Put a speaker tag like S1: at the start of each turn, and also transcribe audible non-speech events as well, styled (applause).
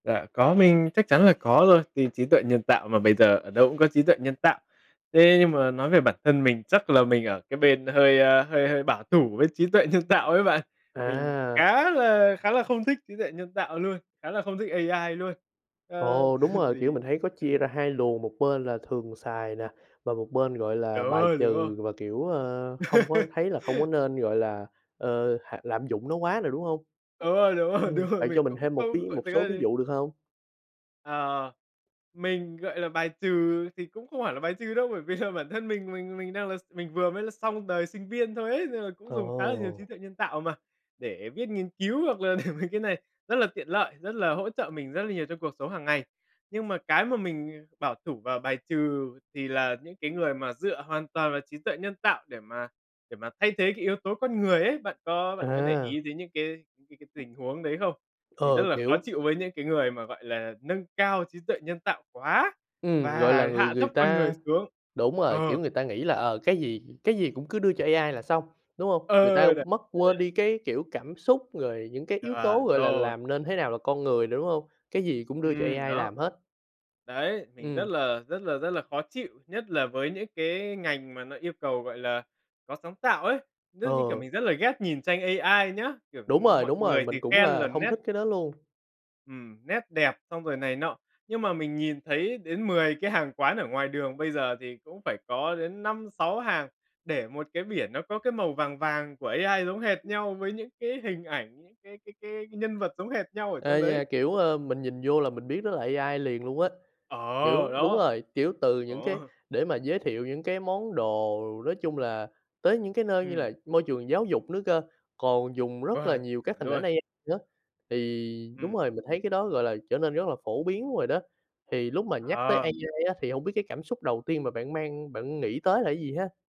S1: Dạ, có, mình chắc chắn là có rồi, thì trí tuệ nhân tạo mà, bây giờ ở đâu cũng có trí tuệ nhân tạo. Thế nhưng mà nói về bản thân mình, chắc là mình ở cái bên hơi, a, hơi hơi bảo thủ với trí tuệ nhân tạo ấy bạn. Mình
S2: À!
S1: khá là khá là không thích trí tuệ nhân tạo luôn, khá là không thích AI luôn. Ờ,
S2: Ồ, đúng
S1: (chuckles)
S2: rồi, kiểu,
S1: thì
S2: mình thấy có chia ra
S1: ừm.
S2: hai luồng, một bên là thường xài nè và một bên, gọi
S1: Đỡ
S2: là, bài
S1: hơn, đúng hông?
S2: trừ và, kiểu, ơ, không có
S1: (laughs)
S2: thấy là không có nên, gọi là, ờ, hạ lạm dụng nó quá nè, đúng hông?
S1: Đúng rồi, đúng (laughs) rồi,
S2: Ừm,
S1: đúng rồi,
S2: vậy cho
S1: mình
S2: mình
S1: cũng
S2: thêm một
S1: không
S2: ví
S1: gọi
S2: một
S1: thực
S2: số
S1: ra
S2: ví
S1: thì
S2: dụ được hông?
S1: Ờ, mình, gọi là, bài trừ thì cũng không hẳn là bài trừ đâu, bởi vì là (scoffs) bản thân mình mình mình đang là s mình vừa mới là xong đời sinh viên thôi ấy, nên là cũng dùng khá là nhiều trí
S2: Ồ.
S1: tuệ nhân tạo mà, để viết nghiên cứu hoặc là (laughs) mấy cái này rất là tiện lợi, rất là hỗ trợ mình rất là nhiều trong cuộc sống hàng ngày. Nhưng mà cái mà mình, à, bảo thủ và bài trừ thì là những cái người mà dựa hoàn toàn vào trí tuệ nhân tạo để mà để mà thay thế cái yếu tố con người ấy. Bạn có bạn có để
S2: À.
S1: ý đến những cái cái cái tình huống đấy không? Mình rất
S2: Ờ,
S1: là khó
S2: kiểu
S1: chịu với những cái người mà, gọi là, nâng cao trí tuệ nhân tạo quá
S2: Ừm, gọi là,
S1: và
S2: người
S1: hạ thấp
S2: người
S1: con người
S2: ta
S1: xuống.
S2: đúng rồi,
S1: Ờ.
S2: kiểu, người ta nghĩ là, ờ, cái gì cái gì cũng cứ đưa cho AI là xong, đúng hông? Người ta
S1: Ờ, đ
S2: mất quên
S1: (unintelligible)
S2: đi cái, kiểu, cảm xúc rồi những cái yếu tố,
S1: Chuẩn
S2: gọi là,
S1: rồi.
S2: làm nên thế nào là con người nữa, đúng hông? Cái gì cũng đưa cho
S1: Ừm,
S2: AI
S1: đó.
S2: làm hết.
S1: Đấy, mình rất
S2: Ừm.
S1: là rất là rất là khó chịu, nhất là với những cái ngành mà nó yêu cầu, gọi là, có sáng tạo ấy. Đó, như kiểu,
S2: Ờ.
S1: mình rất là ghét nhìn tranh AI nhá, kiểu,
S2: Đúng rồi,
S1: mọi
S2: đúng rồi,
S1: người
S2: mình
S1: thì
S2: cũng
S1: khen
S2: là
S1: là
S2: hông
S1: nét
S2: thích cái đó luôn.
S1: ừm, nét đẹp xong rồi này nọ. Nhưng mà mình nhìn thấy đến 10 cái hàng quán ở ngoài đường bây giờ thì cũng phải có đến 5, 6 hàng để một cái biển nó có cái màu vàng vàng của AI giống hệt nhau với những cái hình ảnh, những cái cái cái nhân vật giống hệt nhau ở trong
S2: Ê
S1: đấy.
S2: nha, kiểu, ơ, mình nhìn vô là mình biết đó là AI liền luôn á.
S1: Ờ,
S2: Kiểu đúng
S1: đó,
S2: rồi, kiểu, từ
S1: ồ!
S2: những cái
S1: (chuckles)
S2: để mà giới thiệu những cái món đồ nói chung là tới những cái nơi như
S1: Ừm.
S2: là môi trường giáo dục nữa cơ, còn dùng rất là
S1: Vâng,
S2: nhiều
S1: chuẩn
S2: các hình ảnh
S1: luôn!
S2: A nữa, thì đúng
S1: Ừm.
S2: rồi mình thấy cái đó, gọi là, trở nên rất là phổ biến rồi đó. Thì lúc mà nhắc tới
S1: Ờ.
S2: AI thì hông biết cái cảm xúc đầu tiên mà bạn mang bạn nghĩ tới là cái gì ha?